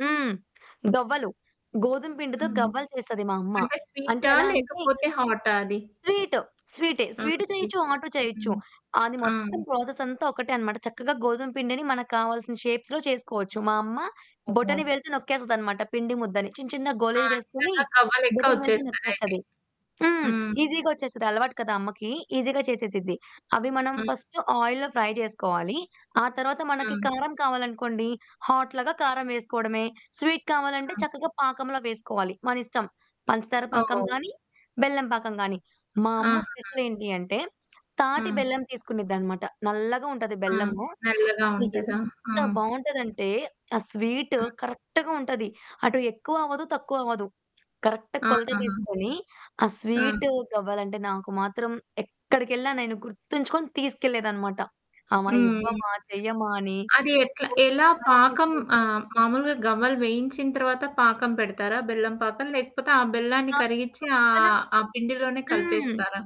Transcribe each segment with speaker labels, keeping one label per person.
Speaker 1: హ్మ్. గవ్వలు. గోధుమ పిండితో
Speaker 2: హ్మ్.
Speaker 1: గవ్వలు చేస్తది మాయమ్మ.
Speaker 2: అంటే
Speaker 1: అంటే
Speaker 2: స్వీటా
Speaker 1: ఎలా అంటే,
Speaker 2: లేకపోతే హాటా అది?
Speaker 1: స్వీటు, స్వీటే.
Speaker 2: ఆ!
Speaker 1: స్వీటు చేయొచ్చు,
Speaker 2: స్వీటు.
Speaker 1: హాటు చేయొచ్చు.
Speaker 2: హ్మ్.
Speaker 1: అది
Speaker 2: ఆ!
Speaker 1: మొత్తం ప్రాసెసంతా ఒకటే అన్నమాట. చక్కగా గోధుమ పిండిని మనకు కావాల్సిన షేప్స్‌లో చేసుకోవచ్చు. మాయమ్మ
Speaker 2: ఓహో!
Speaker 1: బొటనివేలితో నొక్కేస్తదన్నమాట పిండి ముద్దని. చిన్న చిన్న
Speaker 2: ఆ!
Speaker 1: గోలీలు చేసుకొని,
Speaker 2: నిజంగా గవ్వలెక్క
Speaker 1: బొటనివేలితో
Speaker 2: వచ్చేస్తాదయితే.
Speaker 1: నొక్కేస్తది. హ్మ్.
Speaker 2: హ్మ్.
Speaker 1: ఈసీగా వచ్చేస్తది. అలవాటు కదా! అమ్మకి, ఈసీగా చేసేసిద్ది. అవి మనం
Speaker 2: హ్మ్.
Speaker 1: ఫస్ట్ ఆయిల్‌లో ఫ్రై చేసుకోవాలి. ఆ తర్వాత మనకి
Speaker 2: హ్మ్.
Speaker 1: కారం కావాలనుకోండి హాట్ లాగా కారం వేసుకోవడమే. స్వీట్ కావాలంటే
Speaker 2: హ్మ్.
Speaker 1: చక్కగా పాకంలో వేసుకోవాలి. మన ఇష్టం, పంచదార పాకం
Speaker 2: ఓహ్!
Speaker 1: గాని, బెల్లం పాకం గాని. మా అమ్మ
Speaker 2: ఆహా!
Speaker 1: స్పెషలేంటి అంటే తాటి
Speaker 2: ఆ!
Speaker 1: బెల్లం తీసుకునేదన్నమాట. నల్లగా ఉంటది
Speaker 2: ఆ!
Speaker 1: బెల్లము.
Speaker 2: నల్లగా ఉంటదా? ఆ!
Speaker 1: అసలెంత బాగుంటదంటే, ఆ స్వీటు
Speaker 2: హ్మ్.
Speaker 1: కరెక్ట్‌గా ఉంటది. అటు ఎక్కువ అవ్వదు, తక్కువ అవ్వదు. కరెక్ట్‌గా
Speaker 2: ఆ!
Speaker 1: కొలత
Speaker 2: ఆహా!
Speaker 1: తీసుకొని, ఆ
Speaker 2: ఆ!
Speaker 1: స్వీటు గవ్వలు అంటే నాకు మాత్రం ఎక్కడికెళ్లినా నేను గుర్తుంచుకొని తీసుకెళ్లలేదన్నమాట. "అమ్మ,
Speaker 2: హ్మ్.
Speaker 1: ఇవ్వమా? చెయ్యమ్మా?" అని
Speaker 2: అది యెట్లా
Speaker 1: గోల
Speaker 2: ఎలా
Speaker 1: చేసి మరి
Speaker 2: పాకం
Speaker 1: తీసుకెళ్లే
Speaker 2: ఆహ్, మాములుగా గవ్వలు వేయించిన తర్వత పాకం పెడతారా బెల్లం పాకం? లేకపోతే ఆ బెల్లాన్ని
Speaker 1: ఆ!
Speaker 2: కరిగించి
Speaker 1: పక్కన
Speaker 2: ఆహ్, ఆ పిండిలోనే
Speaker 1: హ్మ్.
Speaker 2: కలిపేస్తారా?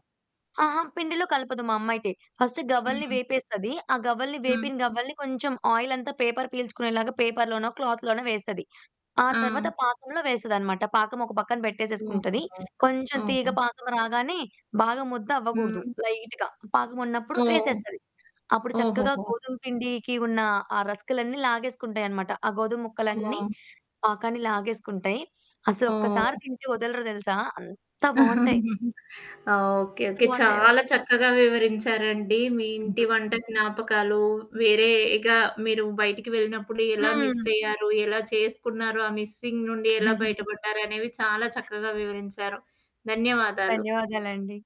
Speaker 1: ఆహా! పిండిలో కలపదు మా అమ్మయితే. ఫస్ట్ గవ్వలని
Speaker 2: హ్మ్.
Speaker 1: వేపేస్తది. ఆ గవ్వలని
Speaker 2: హ్మ్.
Speaker 1: వేపిన తర్వాత, కొంచెం ఆయిలంతా పేపరు పీల్చుకునేలాగా పేపరులోనో, క్లాతులోనో వేస్తది. ఆ
Speaker 2: ఆ!
Speaker 1: తర్వాత పాకంలో వేస్తదన్నమాట. పాకం ఒక పక్కన పెట్టేసుకుంటది.
Speaker 2: అవును.
Speaker 1: కొంచెం తీగ
Speaker 2: అవును.
Speaker 1: పాకం రాగానే, బాగా ముద్ద అవ్వగూడదు,
Speaker 2: హ్మ్.
Speaker 1: లైట్‌గా పాకం ఉన్నప్పుడు
Speaker 2: ఓహ్!
Speaker 1: వేసేస్తది. అప్పుడు చక్కగా
Speaker 2: ఓహోహో!
Speaker 1: గోధుమ పిండికి ఉన్న ఆ రసకులన్నీ లాగేసుకుంటాయన్నమాట. ఆ గోధుమ ముక్కలన్నీ
Speaker 2: ఆ!
Speaker 1: పాకాన్ని లాగేసుకుంటాయి. అసలు ఒక్కసారి
Speaker 2: ఆ!
Speaker 1: తింటే వదలరు, తెలుసా? అంత బాగుంటాయి.
Speaker 2: ఆహ్, ఓకే, ఓకే.
Speaker 1: [unintelligible]
Speaker 2: చాలా చక్కగా వివరించారండి. మీ ఇంటి
Speaker 1: హ్మ్.
Speaker 2: వంట జ్ఞాపకాలు, వేరేగా మీరు బయటికి వెళ్లినప్పుడు ఎలా
Speaker 1: హ్మ్.
Speaker 2: మిస్సయ్యారు? ఎలా చేసుకున్నారు? ఆ మిస్సింగ్ నుంచి ఎలా బయటపడ్డారనేవి చాలా చక్కగా వివరించారు. ధన్యవాదాలు.
Speaker 1: ధన్యవాదాలండి.